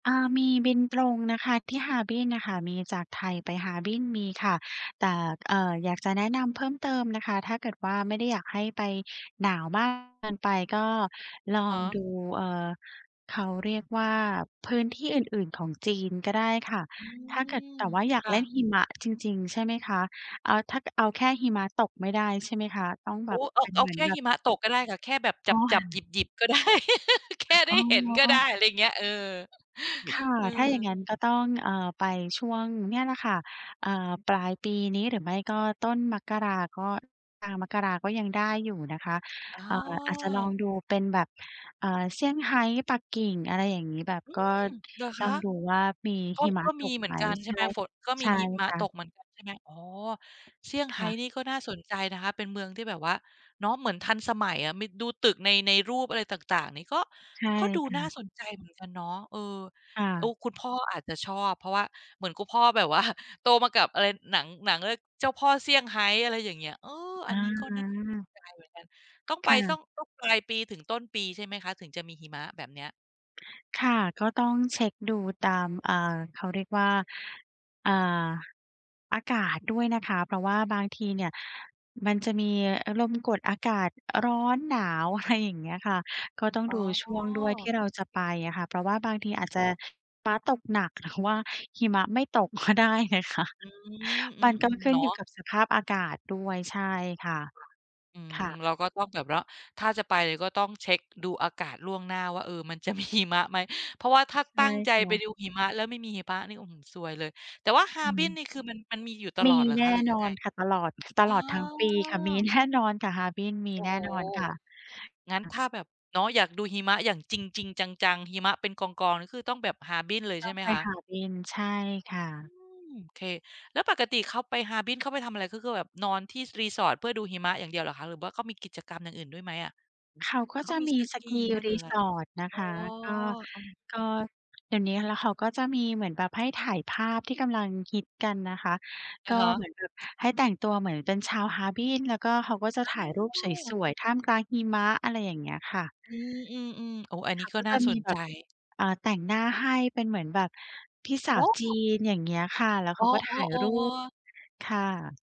อ่า มีบินตรงนะคะ ที่ฮาร์บินน่ะค่ะ มีจากไทยไปฮาร์บิน มีค่ะ แต่ เอ่อ อยากจะแนะนำเพิ่มเติมนะคะ ถ้าเกิดว่าไม่ได้ อยากให้ไป หนาวมากเกินไป ก็ลอะอฮงะ ดู เอ่อ เขาเรียกว่าพื้นที่อื่น ๆ ของจีนก็ได้ค่ะ อืถ้าเกิด ม แต่ว่าอยาคก่เล่นะ หิมะจริง ๆ ใช่ไหมคะ? เอ่อ ถ้า ก เอาแค่หิมะตกไม่ได้ ใช่ไหมคะ? ต้องแบโอ้ บเอเปา ็นเอเาหมืแอนค่แบหบ ิมะตกก็ได้ค่ะ แค่แบบอ๋อ จับ ๆ หยิบ ๆ ก็ได้ แค่ไอด้๋อ เห็นก็ได้ ๆ อะไรเงี้ย เออ ค่ะ เอถ้าอ อย่างงั้นก็ต้อง เอ่อ ไปช่วง เนี่ยแหละค่ะ เอ่อ ปลายปีนี้ หรือไม่ก็ต้นมกรา ก็ อ่า มกราก็ยังได้อยู่นะคะ อ๋อ เอ่อ อาจจะลองดูเป็นแบบ อ่า เซี่ยงไฮ้ ปักกิ่ง อะไรอย่างงี้ แบบอืก็ม เหรอคลอะ? งดูว่า มีก็ หิมะก็ตมีกเหมไืหอม? นกันใใชช่่ ไหม? ฝน ก็มใชี่หิมะค่ตะ กเหมือนกันใช่ไหม? อ๋อ เซี่ยงคไฮ้่ะ นี่ก็น่าสนใจนะคะ เป็นเมืองที่แบบว่า เนาะ เหมือนทันสมัยอะ มี ดูตึกใน ในรูปอะไร ต่าง ๆ นี่ก็ ใช่ก็ดูค่น่าะ สนใจเหมือนกันเนาะ เออ ค่เออ ะ คุณพ่ออาจจะชอบ เพราะว่าเหมือนคุณพ่อแบบว่า โตมากับ อะไร หนัง หนัง อะไร เจ้าพ่อเซี่ยงไฮ้ อะไรอย่างเงี้ย เออ อันนี้ก็น่าสอา นใจเหมือนกัน ต้องไคป ่ตะ ้อง ต้องปลายปีถึงต้นปีใช่ไหมคะ? ถึงจะมีหิมะแบบเนี้ย ค่ะ ก็ต้องเช็กดูตาม อ่า เขาเรียกว่า อ่า อากาศด้วยนะคะ เพราะว่าบางทีเนี่ยมันจะมี อ ลมกดอากาศ อ ร้อน หนาว อะไร อย่างเงี้ยค่ะ ก็ต้องอ๋ดู ช่วงด้วยที่อ เราจะไปอะค่ะ เพราะว่าบางทอีือาจ จะม หิมะตกหนัก หรือว่าหิมะไม่ตก ก็ได้นะคะ มอัืนม อือ ๆ เนาะ ก็ขึ้นอยู่กับสภาพอากาศดค่ะ อื้วย ใม ช่ค่ะ ค่ะ เราก็ต้องแบบระ ถ้าจะไปก็ต้องเช็กดูอากาศล่วงหน้าว่า เออ มันจะ มี หิมะไหม? เพราะว่าถ้าใชตั่้งใจค่ไปะ ดูหิมะ แล้วไม่มีหิมะนี่ อื้อฮือ ซวยเลย แต่ว่าฮคาร่์บินะ นี่คือมัน มันมีอยู่ตมลอีดเหรอแนคะ ่หรือนยังอไง? นค่ะ ตลอด ตเอลอดทั้งปีค่ะ มีอ แน่นอนค่ะ ฮาร์บินมี โอ้แนโฮ ่นอนค่ะ งั้นอ ถ้าแบบ เนาะ อยากดูหิมะอย่างจริง ๆ จัง ๆ หิมะเป็นกอง ๆ นี่คือต้องแบบฮาร์บินเลย ตใช้อ่งไหมไปคะ? ฮาร์บิน ใช่ค่อืะ ม โอเค แล้วปกติเขาไปฮาร์บิน เขาไปทำอะไร? ก็คือแบบนอนที่ s resort เพื่อดูหิมะอย่างเดียวหรอคะ? หรือว่าเขามีกิจกรรมอย่างอื่นด้วยไหมอะ? เขาก็เขาจะมีมี สกีski ไหมหรือไร? resort นะอ๋คอ ะ ก็ อืก็ม ๆ เดี๋ยวนี้ แล้วเขาก็จะมีเหมือนแบบให้ถ่ายภาพที่กำลังฮิตกันนะคะ อกะ็ฮเะ หมือนแบบให้แต่งตัวเหมือนเป็นชาวฮาร์บิน แล้วก็เขาก็จะอถ่ายรูปสา วย ๆ ท่ามกลางหิมะ อะไรอย่างเงี้ยค่ะ อืม ๆ ๆ โอ้ อันเนขี้าก็ก็นจ่าะสมีนแบใจ บ อ่า แต่งหน้าให้ เป็นเหมือนแบบพี่สโาอ้วจโีฮ! น อย่างเงี้ยค่ะ แล้วเอข๋าก็ถ่ายอ รูป ๆ ๆ ค่ะ